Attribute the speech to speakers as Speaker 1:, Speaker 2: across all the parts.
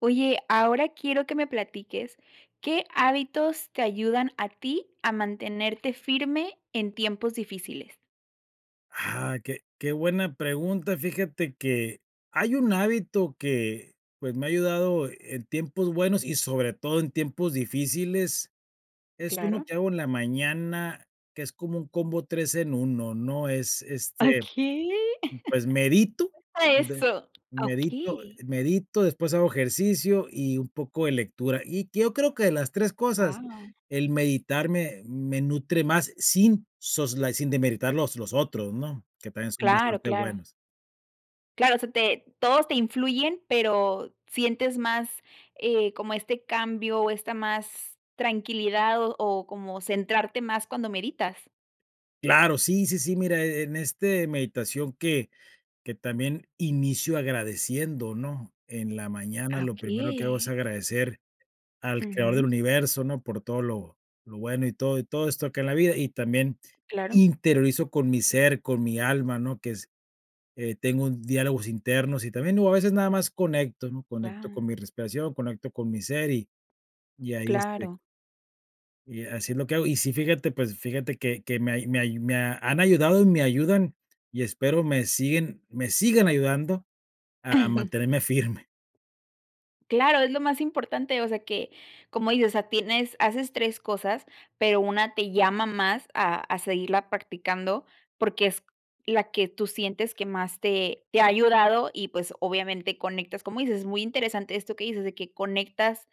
Speaker 1: Oye, ahora quiero que me platiques, ¿qué hábitos te ayudan a ti a mantenerte firme en tiempos difíciles?
Speaker 2: Ah, qué qué buena pregunta, fíjate, que hay un hábito que, pues, me ha ayudado, eh, en tiempos buenos y, sobre todo, en tiempos difíciles. Es uno
Speaker 1: Claro.
Speaker 2: que hago en la mañana, que es como un combo 3 en 1, ¿no? Es este,
Speaker 1: Okey.
Speaker 2: pues, medito,
Speaker 1: Cuenta eso.
Speaker 2: medito,
Speaker 1: Okey.
Speaker 2: medito, después, hago ejercicio y un poco de lectura. Y yo creo que de las 3 cosas,
Speaker 1: Guau.
Speaker 2: el meditar me me nutre más, sin sos la sin desmeritar los los otros, ¿no? Que también son
Speaker 1: Claro,
Speaker 2: bastante
Speaker 1: claro.
Speaker 2: buenos.
Speaker 1: Claro, se te todos te influyen, pero, ¿sientes más, eh, como este cambio, o, esta más tranquilidad, o o, como centrarte más cuando meditas?
Speaker 2: Claro, sí, sí, sí, mira, eh, en este meditación que que también inicio agradeciendo, ¿no? En la mañana,
Speaker 1: Ah,
Speaker 2: lo primero que hago es
Speaker 1: okey.
Speaker 2: agradecer al creador del
Speaker 1: Ujú.
Speaker 2: universo, ¿no?, por todo lo lo bueno y todo y todo esto acá en la vida, y también
Speaker 1: Claro.
Speaker 2: interiorizo con mi ser, con mi alma, ¿no? Que es tengo diálogos internos, y también o, a veces, nada más conecto, ¿no? Conecto
Speaker 1: Guau.
Speaker 2: con mi respiración, conecto con mi ser, y y ahí, este
Speaker 1: Claro.
Speaker 2: y así es lo que hago. Y, sí, fíjate, pues, fíjate que que me hay me hay me han ayudado, y me ayudan, y espero me siguen me sigan ayudando a mantenerme firme.
Speaker 1: Claro, es lo más importante. O sea, que, como dices, o sea, tienes haces 3 cosas, pero 1 te llama más a a seguirla practicando, porque es la que tú sientes que más te te ha ayudado. Y, pues, obviamente, conectas, como dices, es muy interesante esto que dices, de que conectas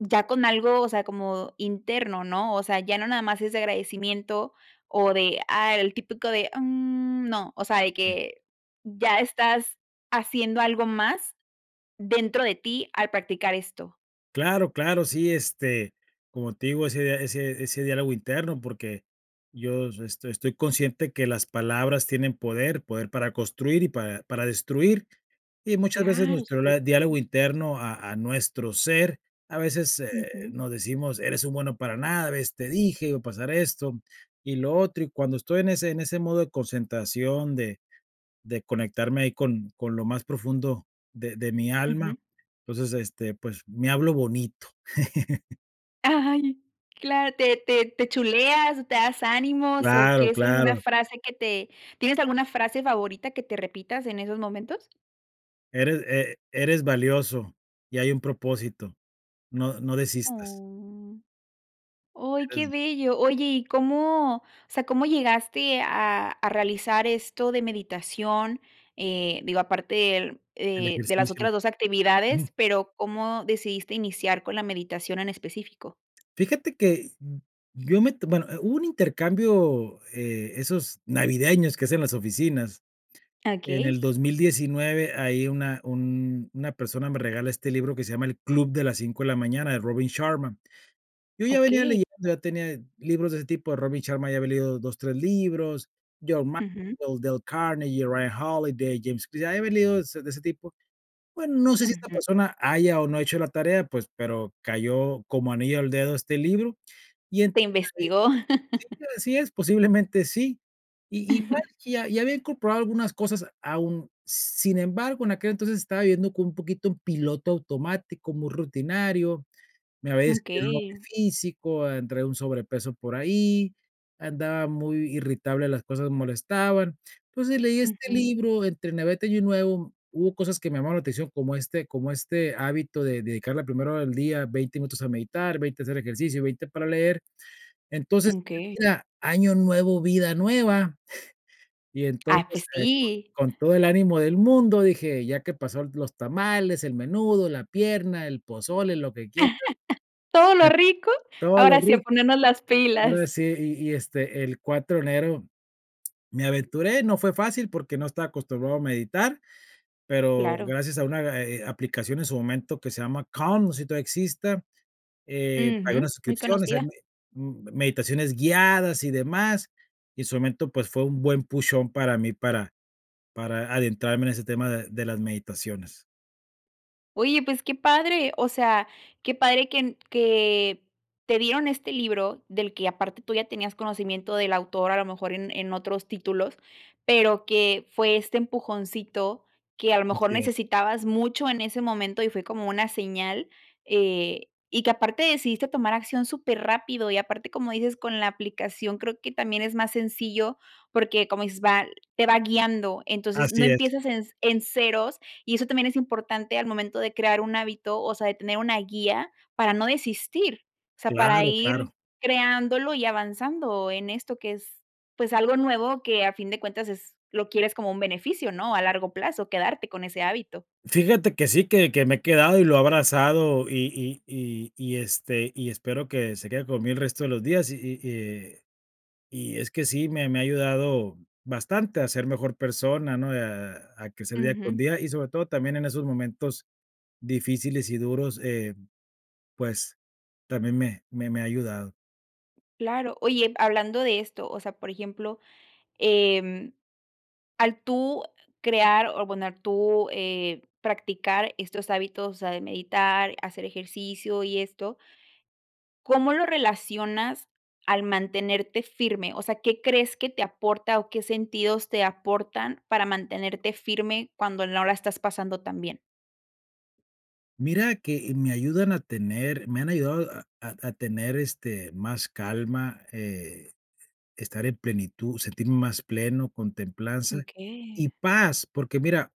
Speaker 1: ya con algo, o sea, como interno, ¿no? O sea, ya no nada más es de agradecimiento, o de, ah, el típico de, mm, no, o sea, de que ya estás haciendo algo más dentro de ti al practicar esto.
Speaker 2: Claro, claro. Sí, este, como te digo, ese ese ese diálogo interno, porque yo es esto estoy consciente que las palabras tienen poder. Poder para construir y para para destruir, y muchas veces
Speaker 1: Claro,
Speaker 2: nuestro lad diálogo
Speaker 1: superinteresante.
Speaker 2: interno a a nuestro ser, a veces, eh,
Speaker 1: Ujú.
Speaker 2: nos decimos: "Eres un bueno para nada. ¿Ves? Te dije, iba a pasar esto, y lo otro". Y cuando estoy en ese en ese modo de concentración, de de conectarme ahí con con lo más profundo de de mi alma,
Speaker 1: Ujú.
Speaker 2: entonces, este, pues me hablo bonito.
Speaker 1: ¡Ay! Cla ¿te te te chuleas o te das ánimos o
Speaker 2: Claro,
Speaker 1: qué es alguna
Speaker 2: claro.
Speaker 1: frase que te? ¿Tienes alguna frase favorita que te repitas en esos momentos?
Speaker 2: Eres e eres valioso y hay un propósito. No no desistas.
Speaker 1: Oh. Oy, qué
Speaker 2: Eres
Speaker 1: bello. Oye, ¿y cómo? O sea, ¿cómo llegaste a a realizar esto de meditación? Eh, digo, aparte del
Speaker 2: El
Speaker 1: eh de las
Speaker 2: ejercicio.
Speaker 1: otras 2
Speaker 2: Ujú.
Speaker 1: actividades, pero, ¿cómo decidiste iniciar con la meditación en específico?
Speaker 2: Fíjate que yo me to bueno, hubo un intercambio, eh, esos navideños que hacen las oficinas. En el
Speaker 1: Okey.
Speaker 2: 2019, ahí una un una persona me regala este libro que se llama El club de las 5 de la mañana, de Robin Sharma. Yo ya venía
Speaker 1: Okey.
Speaker 2: leyen ya tenía libros de ese tipo de Robin Sharma, ya había leído 2, 3 libros. John
Speaker 1: Ujú.
Speaker 2: Maxwell, Dale Carnegie, Ryan Holiday, James ya había leído es de ese tipo. Bueno, no sé si esta
Speaker 1: Ujú.
Speaker 2: persona haya o no hecho la tarea, pues, pero cayó como anillo al dedo este libro, y en
Speaker 1: Te
Speaker 2: [unintelligible]
Speaker 1: investigó.
Speaker 2: Sí, así es, posiblemente sí, i igual que ya ya había incorporado algunas cosas a un sin embargo, en aquel entonces estaba viviendo con un poquito en piloto automático, muy rutinario. Me había descuidado en lo
Speaker 1: Okey.
Speaker 2: físico, entré a un sobrepeso por ahí. Andaba muy irritable, las cosas molestaban. Entonces, leí este
Speaker 1: Ujú.
Speaker 2: libro entre Navidad y Año Nuevo, hubo cosas que me llamaban la atención, como este como este hábito de dedicar la primera hora del día, 20 minutos a meditar, 20 a hacer ejercicio y 20 para leer. Entonces,
Speaker 1: Okey.
Speaker 2: mira, año nuevo, vida nueva, y
Speaker 1: ¡Ay,
Speaker 2: entonces
Speaker 1: pues sí!
Speaker 2: con todo el ánimo del mundo, dije: "Ya que pasó los tamales, el menudo, la pierna, el pozole, lo que quieras".
Speaker 1: Todo
Speaker 2: Que
Speaker 1: lo rico,
Speaker 2: todo lo
Speaker 1: ahora sí, a
Speaker 2: ric
Speaker 1: ponernos las
Speaker 2: ahora
Speaker 1: pilas.
Speaker 2: sí, y y este el 4 de enero me aventuré, no fue fácil porque no estaba acostumbrado a meditar, pero
Speaker 1: Claro.
Speaker 2: gracias a una, eh eh a aplicación en su momento que se llama Calm, no sé si todavía exista, eh, pagué
Speaker 1: Ujú.
Speaker 2: unas
Speaker 1: Muy
Speaker 2: suscripciones, eh,
Speaker 1: conocida.
Speaker 2: me m meditaciones guiadas y demás, y en su momento, pues, fue un buen Push on para mí, para para adentrarme en ese tema de de las meditaciones.
Speaker 1: Oye, pues qué padre, o sea, qué padre que en que te dieron este libro del que aparte tú ya tenías conocimiento del autor, a lo mejor en en otros títulos, pero que fue este empujoncito que, a lo mejor
Speaker 2: Así es.
Speaker 1: necesitabas mucho en ese momento y fue como una señal, eh, y que aparte decidiste tomar acción súper rápido. Y aparte, como dices, con la aplicación creo que también es más sencillo porque como dices, va te va guiando, entonces no
Speaker 2: Así es.
Speaker 1: empiezas en en ceros y eso también es importante al momento de crear un hábito, o sea, de tener una guía para no desistir, o sea, para
Speaker 2: Claro,
Speaker 1: ir
Speaker 2: claro.
Speaker 1: creándolo y avanzando en esto que es, pues algo nuevo que a fin de cuentas es lo quieres como un beneficio ¿no? A largo plazo quedarte con ese hábito.
Speaker 2: Fíjate que sí, que que me he quedado y lo he abrazado, y y y y y este, y espero que se quede conmigo el resto de los días, Y y y, eh, y es que sí, me me ha ayudado bastante a ser mejor persona, ¿no? A a crecer día con
Speaker 1: Ujú.
Speaker 2: día, y sobre todo también en esos momentos difíciles y duros, eh, pues, también me me me ha ayudado.
Speaker 1: Claro. Oye, hablando de esto, o sea, por ejemplo, em, al tú crear o abonar tú, eh, practicar estos hábitos, o sea, de meditar, hacer ejercicio y esto ¿cómo lo relacionas al mantenerte firme? O sea, ¿qué crees que te aporta o qué sentidos te aportan para mantenerte firme cuando no la estás pasando tan bien?
Speaker 2: Mira que me ayudan a tener me han ayudado a a a tener, este, más calma, eh, estar en plenitud, sentirme más pleno, con templanza
Speaker 1: Okey.
Speaker 2: y paz, porque mira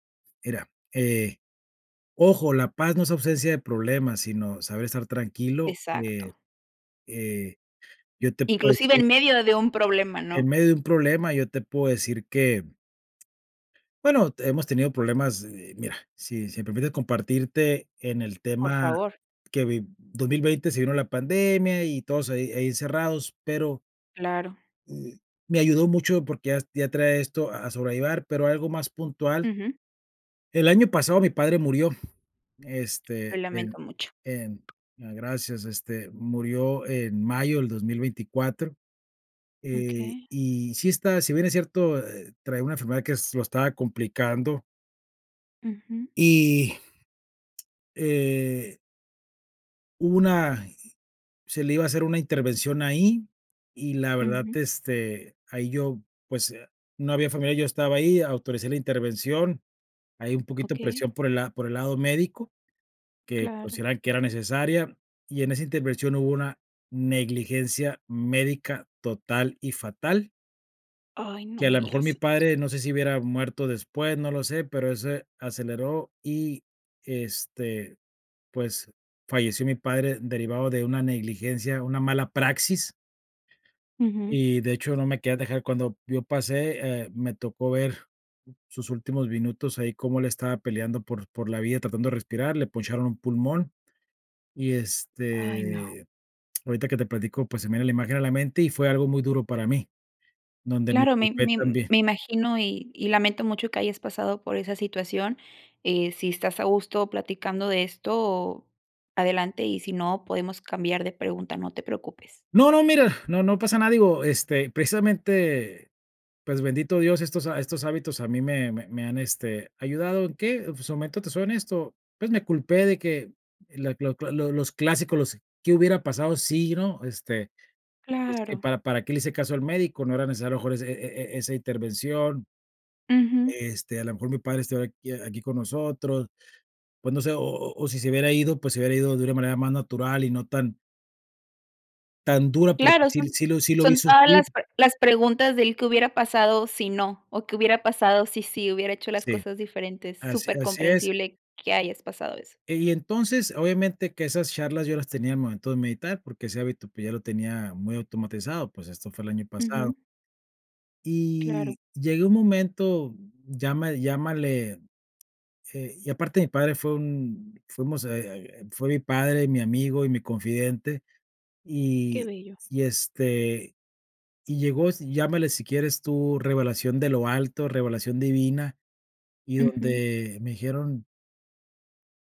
Speaker 2: mira, eh, ojo, la paz no es ausencia de problemas, sino saber estar tranquilo, eh
Speaker 1: Exacto.
Speaker 2: eh, yo te puedo
Speaker 1: Inclusive
Speaker 2: decir
Speaker 1: en medio de un problema,
Speaker 2: en
Speaker 1: ¿no?
Speaker 2: medio de un problema, yo te puedo decir que, bueno, hemos tenido problemas, eh, mira, si si me permites compartirte en el
Speaker 1: Por
Speaker 2: tema
Speaker 1: favor.
Speaker 2: que viv 2020 se vino la pandemia y todos ahí ahí encerrados, pero
Speaker 1: Claro.
Speaker 2: me ayudó mucho, porque yas ya traía esto a a sobrellevar, pero algo más puntual
Speaker 1: Ujú.
Speaker 2: el año pasado mi padre murió,
Speaker 1: Lo
Speaker 2: este, en
Speaker 1: lamento mucho.
Speaker 2: en ah, gracias. Este, murió en mayo del 2024, eh,
Speaker 1: Okey.
Speaker 2: y sí está si bien es cierto, eh, traía una enfermedad que es lo estaba complicando
Speaker 1: Ujú.
Speaker 2: y eh hubo una i se le iba a hacer una intervención ahí, y la verdad,
Speaker 1: Ujú.
Speaker 2: este, ahí yo, pues, eh, no había familiares, yo estaba ahí, autoricé la intervención, ahí un poquito
Speaker 1: Okey.
Speaker 2: presión por el la por el lado médico, que
Speaker 1: Claro.
Speaker 2: consideraban que era necesaria, y en esa intervención hubo una negligencia médica total y fatal
Speaker 1: Ay, no
Speaker 2: que a
Speaker 1: me
Speaker 2: la mejor mi
Speaker 1: digas eso.
Speaker 2: padre, no sé si hubiera muerto después, no lo sé, pero ese aceleró y, este, pues, falleció mi padre derivado de una negligencia, una mala praxis.
Speaker 1: Ujú.
Speaker 2: Y, de hecho, no me querían dejar cuando yo pase, eh, me tocó ver sus últimos minutos ahí como él estaba peleando por por la vida tratando de respirar, le poncharon un pulmón, y,
Speaker 1: Ay, no.
Speaker 2: este, ahorita que te platico, pues, se me viene la imagen a la mente y fue algo muy duro para mí, donde
Speaker 1: Claro, me
Speaker 2: [unintelligible]
Speaker 1: me
Speaker 2: también.
Speaker 1: me imagino, y y lamento mucho que hayas pasado por esa situación, eh, si estás a gusto platicando de esto, adelante, y si no, podemos cambiar de pregunta, no te preocupes.
Speaker 2: No, no, mira, no, no pasa nada, digo, este, precisamente, pues, bendito Dios, estos ha estos hábitos a mí me me me han, este, ayudado, ¿en qué?, pues, en su momento, te soy honesto, pues, me culpé de que la cla cla lo los clásicos, los, ¿qué hubiera pasado si no? Este: "Es que
Speaker 1: Claro.
Speaker 2: para para qué le hice caso al médico. No era necesario a lo mejor ese e e e esa intervención".
Speaker 1: Ujú.
Speaker 2: Este, a lo mejor mi padre estuviera aquí aquí con nosotros. Pues, no sé, o o o si se hubiera ido, pues, se hubiera ido de una manera más natural y no tan tan dura, porque
Speaker 1: Claro,
Speaker 2: sí
Speaker 1: son
Speaker 2: sí lo sí lo vi
Speaker 1: son todas
Speaker 2: sufrir.
Speaker 1: las pre las preguntas del ¿Qué hubiera pasado si no, o qué hubiera pasado si sí hubiera hecho las
Speaker 2: Sí.
Speaker 1: cosas diferentes?
Speaker 2: Así así es.
Speaker 1: Supercomprensible que hayas pasado eso.
Speaker 2: Y entonces, obviamente, que esas charlas yo las tenía al momento de meditar, porque ese hábito, pues, ya lo tenía muy automatizado, pues, esto fue el año pasado.
Speaker 1: Ujú. Claro.
Speaker 2: Y llegué a un momento, lláma llámale, eh, y aparte mi padre fue un fuimos, eh eh eh, fue mi padre, mi amigo y mi confidente,
Speaker 1: Qué
Speaker 2: y
Speaker 1: bello.
Speaker 2: y, este, y llegó, es llámale, si quieres tú, revelación de lo alto, revelación divina, y
Speaker 1: Ujú.
Speaker 2: donde me dijeron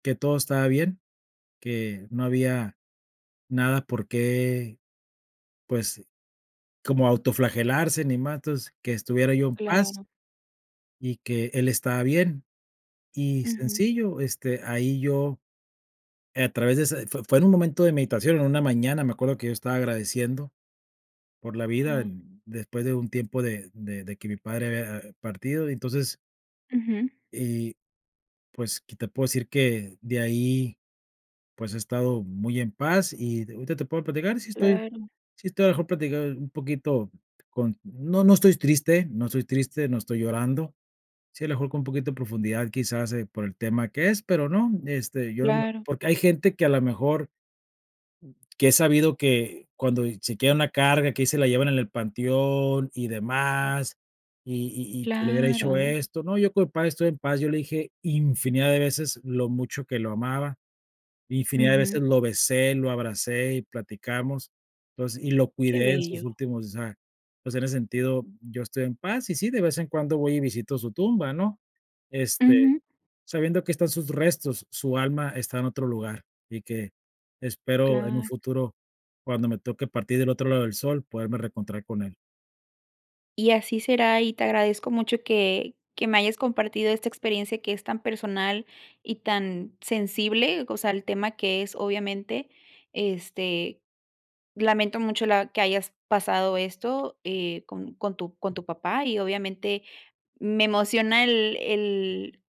Speaker 2: que todo estaba bien, que no había nada por qué, pues, como autoflagelarse, ni más, entonces, que estuviera yo en paz
Speaker 1: Claro.
Speaker 2: y que él estaba bien, y
Speaker 1: Ujú.
Speaker 2: sencillo, este, ahí yo, a través de esa fue fue en un momento de meditación, en una mañana, me acuerdo que yo estaba agradeciendo por la vida
Speaker 1: Wao.
Speaker 2: en después de un tiempo de de de que mi padre había partido y, entonces
Speaker 1: Ujú.
Speaker 2: Y, pues, que te puedo decir que, de ahí, pues, he estado muy en paz y d ahorita te puedo platicar, sí estoy
Speaker 1: Claro.
Speaker 2: sí estoy, a la mejor platicar un poquito con no, no estoy triste, no estoy triste, no estoy llorando. Sí, a la mejor, con poquito de profundidad, quizás, eh, por el tema que es, pero no, este, yo no me
Speaker 1: Claro.
Speaker 2: porque hay gente que, a la mejor que he sabido que, cuando, eh, se quedan la carga, que ahí se la llevan en el panteón y demás, y y y que le hubiera dicho
Speaker 1: Claro.
Speaker 2: esto. No, yo con mi padre estoy en paz, yo le dije infinidad de veces lo mucho que lo amaba, infinidad de
Speaker 1: Ujú.
Speaker 2: veces lo besé, lo abracé y platicamos. Entonces, y lo
Speaker 1: Qué
Speaker 2: cuidé en sus
Speaker 1: bello.
Speaker 2: últimos O sea, pues, en ese sentido yo estoy en paz. Y sí, de vez en cuando voy y visito su tumba, ¿no?, este,
Speaker 1: Ujú.
Speaker 2: sabiendo que están sus restos, su alma está en otro lugar, y que espero, en un
Speaker 1: Claro.
Speaker 2: futuro, cuando me toque partir del otro lado del sol, poderme reencontrar con él.
Speaker 1: Y así será, y te agradezco mucho que que me hayas compartido esta experiencia que es tan personal, y tan sensible. O sea, el tema que es obviamente, este, lamento mucho la que hayas pasado esto, eh, con con tu con tu papá, y obviamente me emociona el el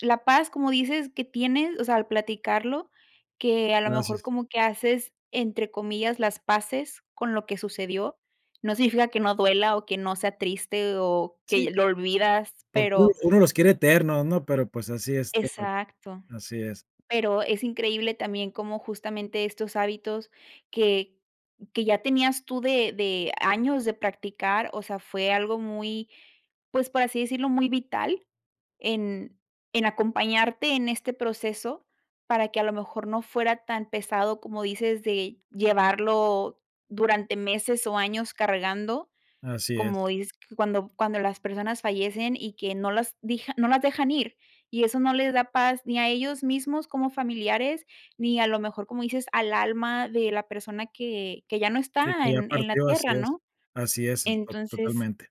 Speaker 1: la paz, como dices, que tienes, o sea, al platicarlo, que a lo
Speaker 2: Gracias.
Speaker 1: mejor como que haces, entre comillas, las paces con lo que sucedió, no significa que no duela, o, que no sea triste, o,
Speaker 2: Sí,
Speaker 1: que
Speaker 2: cl
Speaker 1: lo olvidas,
Speaker 2: porque uno
Speaker 1: pero
Speaker 2: uno los quiere eternos, ¿no? Pero, pues, así es todo.
Speaker 1: Exacto.
Speaker 2: Así es.
Speaker 1: Pero, es increíble también como justamente estos hábitos que que ya tenías tú de de años de practicar, o sea, fue algo muy, pues, por así decirlo, muy vital en en acompañarte en este proceso para que a lo mejor no fuera tan pesado, como dices, de llevarlo durante meses, o, años cargando,
Speaker 2: Así es.
Speaker 1: como isk cuando cuando las personas fallecen, y que no las dija no las dejan ir. Y eso no les da paz, ni a ellos mismos como familiares, ni a lo mejor, como dices, al alma de la persona que que ya no
Speaker 2: Que
Speaker 1: está
Speaker 2: que ya
Speaker 1: en en la
Speaker 2: partió, así
Speaker 1: tierra,
Speaker 2: es,
Speaker 1: ¿no?
Speaker 2: así es to
Speaker 1: Entonces,
Speaker 2: totalmente.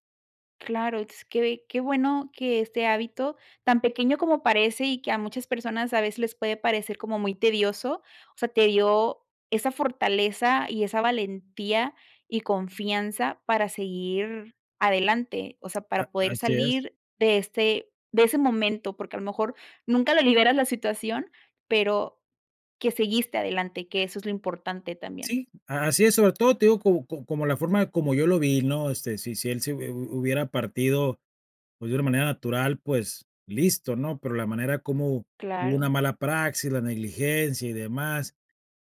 Speaker 1: claro, es que qué bueno que este hábito tan pequeño como parece, y que a muchas personas a veces les puede parecer como muy tedioso, o sea, te dio esa fortaleza, y esa valentía, y confianza para seguir adelante, o sea,
Speaker 2: A
Speaker 1: para poder
Speaker 2: así es.
Speaker 1: salir de este de ese momento. Porque a lo mejor nunca le liberas la situación, pero que seguiste adelante, que eso es lo importante también.
Speaker 2: Sí, a así es, sobre todo te digo co como como la forma como yo lo vi, ¿no? Este, si si él se hu hubiera partido, pues, de una manera natural, pues, listo, ¿no? Pero la manera como hubo una
Speaker 1: Claro.
Speaker 2: mala praxis, la negligencia y demás,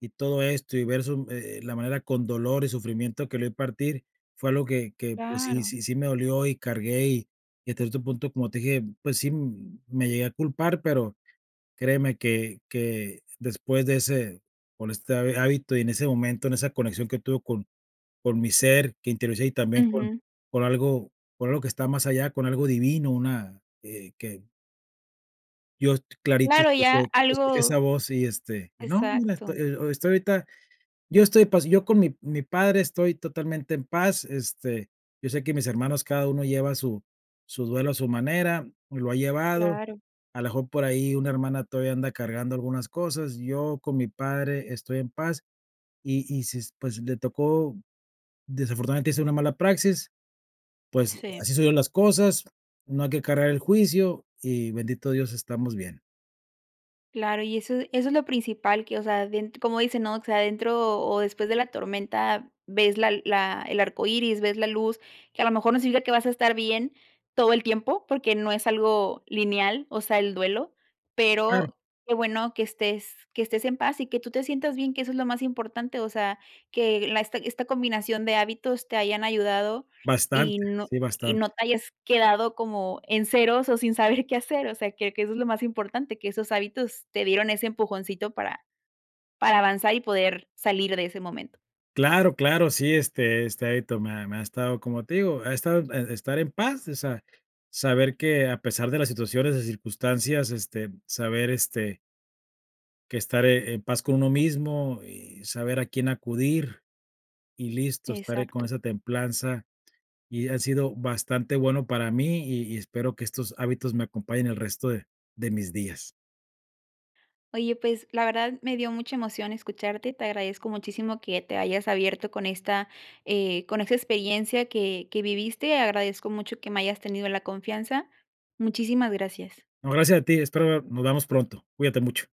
Speaker 2: y todo esto, y ver su m eh, la manera con dolor y sufrimiento que lo vi partir. Fue algo que que, pues, sí
Speaker 1: Claro.
Speaker 2: sí sí me dolió, y cargué, y y hasta este punto, como te dije, pues, sí me llegué a culpar, pero créeme que que después de ese con este ha hábito y en ese momento, en esa conexión que tuve con con mi ser que interioricé, y también con
Speaker 1: Ujú.
Speaker 2: con algo con algo que está más allá, con algo divino, una, eh, que Yo est clarito
Speaker 1: Claro, ya
Speaker 2: escuche escuché esa
Speaker 1: algo
Speaker 2: voz, y, este, y no, mira,
Speaker 1: Exacto.
Speaker 2: estoy ahorita, yo estoy en paz. Yo con mi mi padre estoy totalmente en paz, este, yo sé que mis hermanos cada uno lleva su su duelo a su manera, lo ha llevado.
Speaker 1: Claro.
Speaker 2: A lo mejor, por ahí, una hermana todavía anda cargando algunas cosas, yo con mi padre estoy en paz. Y-y si, pues, le tocó, desafortunadamente hizo una mala praxis, pues,
Speaker 1: Sí.
Speaker 2: así se dieron las cosas, no hay que cargar el juicio, y bendito Dios estamos bien.
Speaker 1: Claro, y eso eso es lo principal que, o sea, bien como dicen, ¿no? O sea, dentro o después de la tormenta, ves la la el arcoíris, ves la luz, que a lo mejor no significa que vas a estar bien todo el tiempo porque no es algo lineal, o sea, el duelo,
Speaker 2: Claro.
Speaker 1: pero qué bueno que estés que estés en paz y que tú te sientas bien, que eso es lo más importante. O sea, que en la esta esta combinación de hábitos te hayan ayudado y
Speaker 2: Bastante.
Speaker 1: no
Speaker 2: Sí,
Speaker 1: y
Speaker 2: bastante.
Speaker 1: no te hayas quedado como en ceros o sin saber qué hacer, o sea, que que eso es lo más importante, que esos hábitos te dieron ese empujoncito para para avanzar y poder salir de ese momento.
Speaker 2: Claro, claro. Sí, este este, ahí to me ha me ha estado, como te digo, ha estado estar en paz, o sea, saber que, a pesar de las situaciones y circunstancias, este, saber, este que estaré en paz con uno mismo, y saber a quién acudir y listo. Estaré con
Speaker 1: Exacto.
Speaker 2: esa templanza, y ha sido bastante bueno para mí y y espero que estos hábitos me acompañen el resto de de mis días.
Speaker 1: Oye, pues, la verdad me dio mucha emoción escucharte. Te agradezco muchísimo que te hayas abierto con esta, eh, con esta experiencia que que viviste. Agradezco mucho que me hayas tenido la confianza. Muchísimas gracias.
Speaker 2: No, gracias a ti, espero nos veamos pronto. Cuídate mucho.